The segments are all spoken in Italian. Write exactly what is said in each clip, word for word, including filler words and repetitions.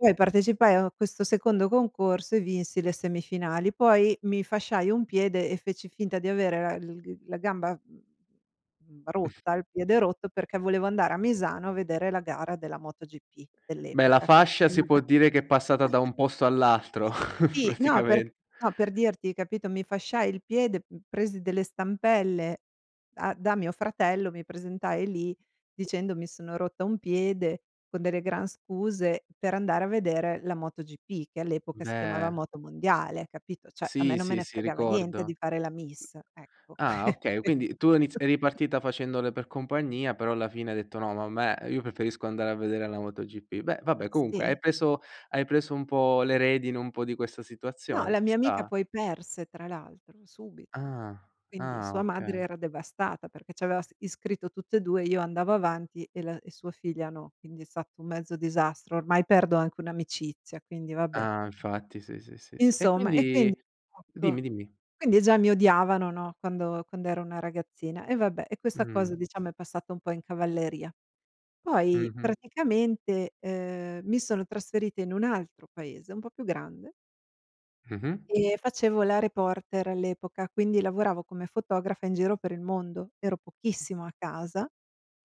Poi partecipai a questo secondo concorso e vinsi le semifinali, poi mi fasciai un piede e feci finta di avere la l gr la gamba, mhmm, rotta, il piede rotto, perché volevo andare a Misano a vedere la gara della MotoGP Beh, la dell'epoca, che si fascia si chiamava può dire che è passata da un posto all'altro, sì, no, perch praticamen no, per dirti, capito, mi fasciai il piede, p presi delle stampelle da da mio fratello, mi presentai lì dicendo: "Mi sono rotta un piede", con delle gran scuse per andare a vedere la MotoGP, che all'epoca si chiamava Beh. Motomondiale, capito, ceh, a me Sì, non me sì, ne sì, fregava niente di ricordo. fare la miss, ecco, Ah, que okay, questo. quindi tu hai iniz eri ripartita facendole per compagnia, però alla fine hai detto: "No, ma a me io preferisco andare a vedere la MotoGP." Beh vabbè, comunque hai Sì. preso hai preso un po' le redini un po' di questa No, situazione, la ci mia amica sta. poi perse tra l'altro, subito. Ah, Quindi ah. sua madre Okay. era devastata perché ci aveva s iscritto a tutte e due, io andavo avanti e l e sua figlia no, quindi è stato un mezzo disastro, ormai perdo anche un'amicizia, quindi vabbè. Ah, infatti, si, sì, sì, sì. E Insomma, e quindi quindi ecco, dimmi, dimmi. quindi già mi odiavano, no, quando quando ero una ragazzina e vabbè, e questa Mh. cosa diciamo è passata un po' in cavalleria. Poi Mh-mh. praticamente, ehm, mi sono trasferita in un altro paese un po' più grande Mh-mh. e facevo la reporter all'epoca, quindi lavoravo come fotografa in giro per il mondo. Ero pochissimo a casa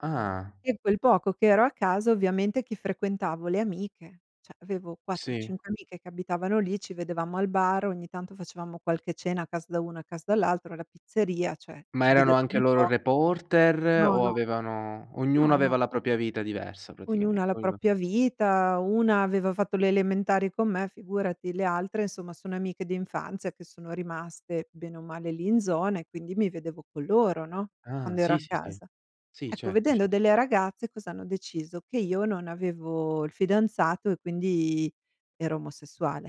Ah. e quel poco che ero a casa ovviamente chi frequentavo? Le amiche. ceh, avevo quattro Sì. cinque amiche che abitavano lì, ci vedevamo al bar, ogni tanto facevamo qualche cena a casa da una, a casa dall'altra, alla pizzeria, cioè Ma ci erano vedevamo anche un loro po' reporter No, o no. avevano ognuno No, no. aveva la propria vita diversa, Ognuna praticamente. ha la Ognuno propria vita, una aveva fatto le elementari con me, figurati, le altre somma sono amiche d'infanzia che sono rimaste bene o male lì in zona e quindi mi vedevo con loro, no, Ah, quando ero sì, a sì, sì. casa. Sì, Ecco, certo, vedendo cer delle ragazze cosa hanno deciso? Che io non avevo il fidanzato e quindi ero omosessuale.